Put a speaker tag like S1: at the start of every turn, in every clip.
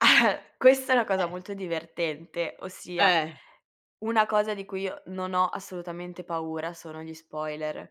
S1: Questa è una cosa
S2: Eh.
S1: molto divertente, ossia
S2: Eh.
S1: una cosa di cui io non ho assolutamente paura sono gli spoiler.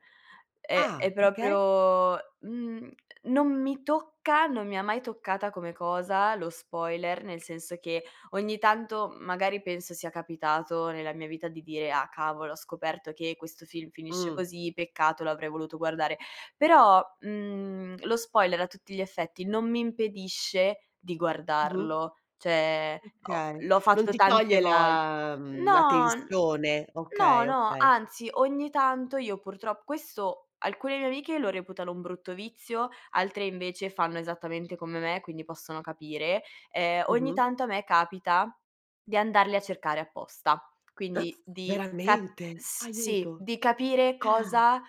S1: È
S2: Ah,
S1: è
S2: perché?
S1: proprio mhmm, non mi tocca, non mi ha mai toccata come cosa lo spoiler, nel senso che ogni tanto m magari penso sia capitato nella mia vita di dire: "Ah, cavolo, ho scoperto che questo film finisce
S2: Mh.
S1: così, peccato l'avrei voluto guardare", però, mhmm, lo spoiler, a tutti gli effetti non mi impedisce di
S2: Mh-mh.
S1: guardarlo, cioè, ho
S2: Okay,
S1: l'ho
S2: non
S1: fatto
S2: ti toglie
S1: tante vol
S2: la mhmm, la
S1: no, n
S2: tensione?
S1: no,
S2: Okay,
S1: no,
S2: okay.
S1: anzi, ogni tanto io purtrop questo alcune mie amiche lo reputano un brutto vizio, altre, invece, fanno esattamente come me, quindi possono capire, ehm, ogni
S2: Mh-mh.
S1: tanto a me capita di andarli a cercare apposta,
S2: S
S1: quindi di ca
S2: veramente?
S1: s sì,
S2: Aiuto!
S1: di capire
S2: Ah!
S1: cosa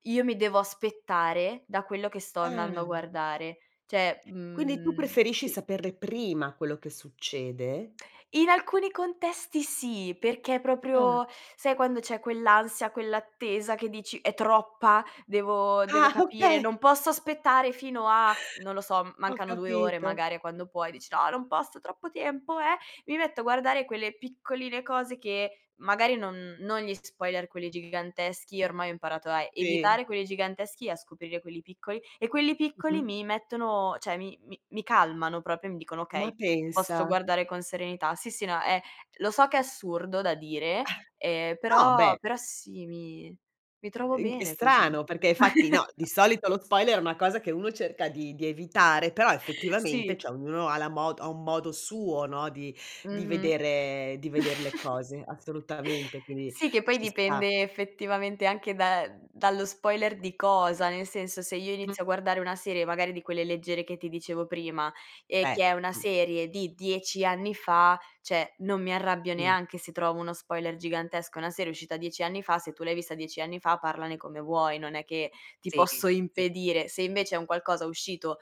S1: io mi devo aspettare da quello che sto andando a
S2: Ah!
S1: guardare. Cioè,
S2: Quindi tu
S1: mhmm,
S2: preferisci
S1: sì.
S2: saperle prima quello che succede?
S1: In alcuni contesti, sì, perché
S2: Ah!
S1: proprio sai, quando c'è quell'ansia, quell'attesa che dici: "È troppa, devo devo
S2: Ah,
S1: capire,
S2: okay!
S1: non posso aspettare fino a" non lo so, m
S2: Ho
S1: mancano 2 ore
S2: capito.
S1: magari a quando puoi, dici: "No, non posso troppo tempo"; eh, mi metto a guardare quelle piccoline cose che magari non non gli spoiler quelli giganteschi, ormai ho imparato a
S2: Sì.
S1: evitare quelli giganteschi e a scoprire quelli piccoli, e quelli piccoli
S2: Mh-mh.
S1: mi mettono cioè mi mi mi calmano proprio, mi dicono:
S2: Ma
S1: "Okay, posso
S2: pensa!
S1: guardare con serenità." Sì, sì, no è lo so che è assurdo da dire, ehm,
S2: No,
S1: però
S2: beh!
S1: però, sì, mi mi trovo
S2: In ch è
S1: bene così.
S2: strano, perché fatti, no, di solito lo spoiler è una cosa che uno cerca di di evitare, però, effettivamente,
S1: Sì.
S2: cioè ognuno ha la mo ha un modo suo, no, di di
S1: Mh-mh.
S2: vedere di veder le cose, assolutamente, quindi
S1: Sì, che poi
S2: ci sta.
S1: dipende effettivamente anche da ehm, dallo spoiler di cosa. Nel senso, se io
S2: Mh.
S1: inizio a guardare una serie magari di quelle leggere che ti dicevo prima e
S2: Beh,
S1: che è una
S2: mh.
S1: serie di 10 anni fa, cioè non mi arrabbio
S2: Mh.
S1: neanche se trovo uno spoiler gigantesco, è una serie uscita 10 anni fa, se tu l'hai vista 10 anni fa parlane come vuoi, non è che ti posso
S2: Seghe, sì.
S1: impedire. Se, invece, è un qualcosa uscito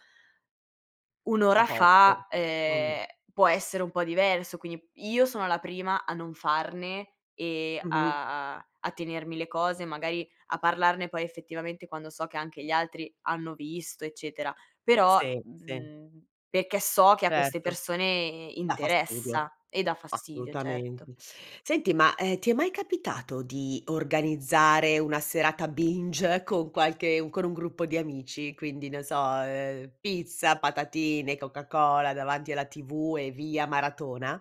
S1: 1
S2: Da
S1: ora
S2: poco,
S1: fa,
S2: mh-mh.
S1: uhm, può essere un po' diverso, quindi io sono la prima a non farne e
S2: Mh-mh.
S1: a a a tenermi le cose, magari a parlarne poi effettivamente quando so che anche gli altri hanno visto, eccetera, però,
S2: Sì, sì.
S1: mhmm, perché so che a queste
S2: Certo!
S1: persone
S2: Dà fastidio,
S1: interessa e dà fastidio, certo.
S2: assolutamente. Senti, ma, ehm, ti è mai capitato di organizzare una serata binge con qualche con un gruppo di amici? Quindi, non so, uhm, pizza, patatine, coca cola davanti alla TV, e via maratona?